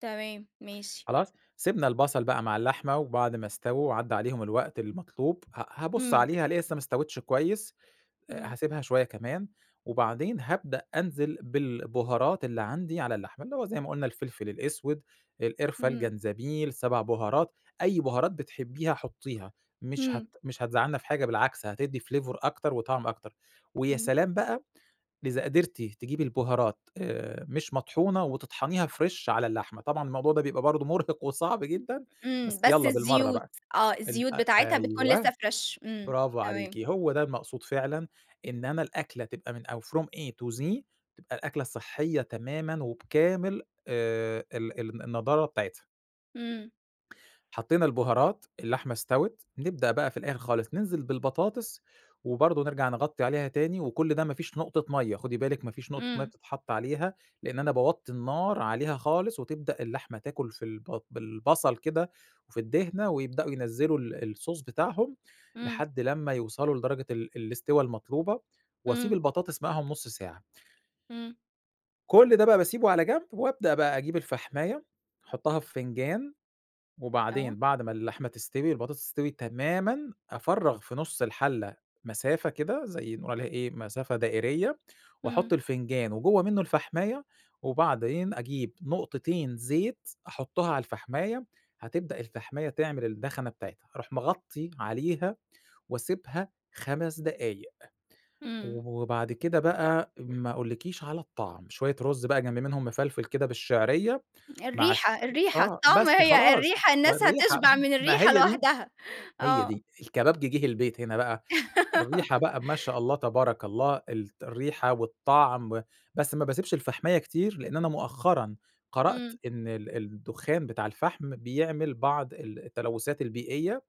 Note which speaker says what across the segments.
Speaker 1: تمام ماشي.
Speaker 2: خلاص؟ سِبْنا البصل بقى مع اللحمة، وبعد ما اسْتَووا وعدى عليهم الوقت المطلوب ه هابُص
Speaker 1: إمم.
Speaker 2: عليها الاقيها لسه ما اسْتَوِتش كويس،
Speaker 1: إمم.
Speaker 2: هاسيبها شوية كمان، وبعدين هابدأ أنزل بالبُهارات اللي عندي على اللحمة، اللي هو زي ما قُلنا الفلفل الأسود، القرفة،
Speaker 1: إمم.
Speaker 2: الجنزبيل، 7 بُهارات، أي بُهارات بتحبيها حُطيها مش
Speaker 1: إمم.
Speaker 2: هت مش هتزعلنا في حاجة بالعكس هتدّي flavor أكتر وطعم أكتر، ويا
Speaker 1: إمم.
Speaker 2: سلام بقى إذا قدرتِ تجيبي البُهارات آآ، مش مطحونة وتطحنيها فريش على اللحمة، طبعًا الموضوع ده بيبقى برضو مُرهق وصعب
Speaker 1: امم،
Speaker 2: جدًا
Speaker 1: إمم،
Speaker 2: بس
Speaker 1: بس
Speaker 2: يالّا بالمَرّة
Speaker 1: الزيوت،
Speaker 2: بقى،
Speaker 1: آه الزيوت
Speaker 2: ال أ
Speaker 1: بتاعتها بتكون لسه
Speaker 2: أيوه
Speaker 1: فريش إمم،
Speaker 2: برافو
Speaker 1: تمام.
Speaker 2: عليكِ هو ده المقصود فعلًا إن أنا الأكلة تبقى من أو from A to Z تبقى الأكلة صحّيّة تمامًا وبكامل آآ، ال الن النضارة بتاعتها.
Speaker 1: إمم.
Speaker 2: حطينا البُهارات، اللحمة اسْتَوِت، نبدأ بقى في الآخر خالص نِنزل بالبطاطس وبرضو نرجع نغطّي عليها تاني، وكُلّ ده ما فيش نقطة مَيّة، خدي بالِك ما فيش نقطة مَيّة
Speaker 1: إمم.
Speaker 2: بتتْحط عليها لأن أنا باوطّي النار عليها خالص وتبدأ اللحمة تاكُل في الب بالبصل كده وفي الدهْنة ويبدأوا ينزِّلوا ال الصوص بتاعهم
Speaker 1: إمم.
Speaker 2: لحد لمّا يوصلوا لدرجة ال الاسْتوا المطلوبة، وأسيب
Speaker 1: إمم.
Speaker 2: البطاطس معاهم نُص ساعة
Speaker 1: إمم.
Speaker 2: كُلّ ده بقى باسيبه على جنب وابدأ بقى أجيب الفحماية أحُطها في فنجان، وبعدين
Speaker 1: آه.
Speaker 2: بعد ما اللحمة تستوي البطاطس تستوي تمامًا أفرَّغ في نُص الحلة مسافة كده زي نقول عليها إيه مسافة دائرية، واحُط
Speaker 1: إمم.
Speaker 2: الفنجان وجوه منه الفحماية، وبعدين أجيب نقطتين زيت أحُطها على الفحماية هتبدأ الفحماية تعمل الدخنة بتاعتها، أروح مغطّي عليها واسيبها 5 دقايق،
Speaker 1: إمم.
Speaker 2: وبعد كده بقى ما أقولكيش على الطعم، شوية رز بقى جنب منهم مفلْفل كده بالشِعرية مع شو
Speaker 1: الريحة، الريحة،
Speaker 2: آه
Speaker 1: الطعم
Speaker 2: بس
Speaker 1: هي
Speaker 2: خلاص
Speaker 1: الريحة
Speaker 2: ما
Speaker 1: الناس
Speaker 2: الريحة
Speaker 1: هتشْبع من
Speaker 2: ما
Speaker 1: الريحة
Speaker 2: هي دي
Speaker 1: لوحدها.
Speaker 2: هي
Speaker 1: آه.
Speaker 2: دي، الكبابجي جِه البيت هنا بقى، الريحة بقى ما شاء الله تبارك الله الط الريحة والطَعم، بس ما باسيبش الفحماية كتير لأن أنا مؤخرًا قرأت
Speaker 1: إمم.
Speaker 2: إن ال الدخان بتاع الفحم بيعمل بعض ال التلوثات البيئية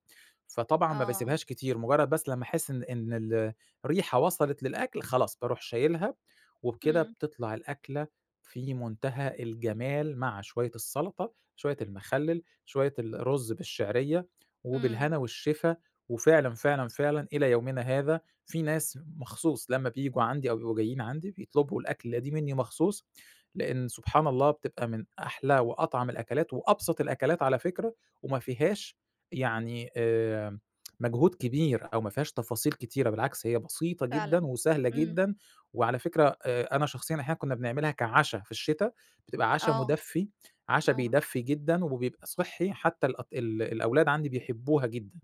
Speaker 2: فطبعًا ما
Speaker 1: آه.
Speaker 2: باسيبهاش كتير، مجرد بس لمّا أحس إن إن ال الريحة وصلِت للأكْل خلاص باروْح شايلها، وبكده
Speaker 1: إمم.
Speaker 2: بتطلع الأكلة في منتهى الجمال مع شوية السلطة، شوية المخلل، شوية الرز بالشعرية
Speaker 1: إمم.
Speaker 2: وبالهنا والشفا، وفعلًا، فعلًا، فعلًا إلى يومنا هذا في ناس مخصوص لمّا بييجوا عندي أو بيبقوا جايين عندي بيطلبوا الأكْلة دي مني مخصوص لأن سبحان الله بتبقى من أحلى وأطعم الأكلات وأبسط الأكلات على فكرة وما فيهاش يعني آآ، مجهود كبير أو ما فيهاش تفاصيل كتيرة بالعكس، هي بسيطة جدًا
Speaker 1: فعلًا،
Speaker 2: وسهلة
Speaker 1: إمم.
Speaker 2: جدًا، وعلى فكرة آآ، أنا شخصيًا أحيانًا كُنا بنعملها كعَشا في الشِتا، بتبقى عَشا
Speaker 1: آه،
Speaker 2: مُدفّي، عَشا
Speaker 1: آه.
Speaker 2: بيدفّي جدًا وبيبقى صحّي حتى الأط ال الأولاد عندي بيحبوها جدًا.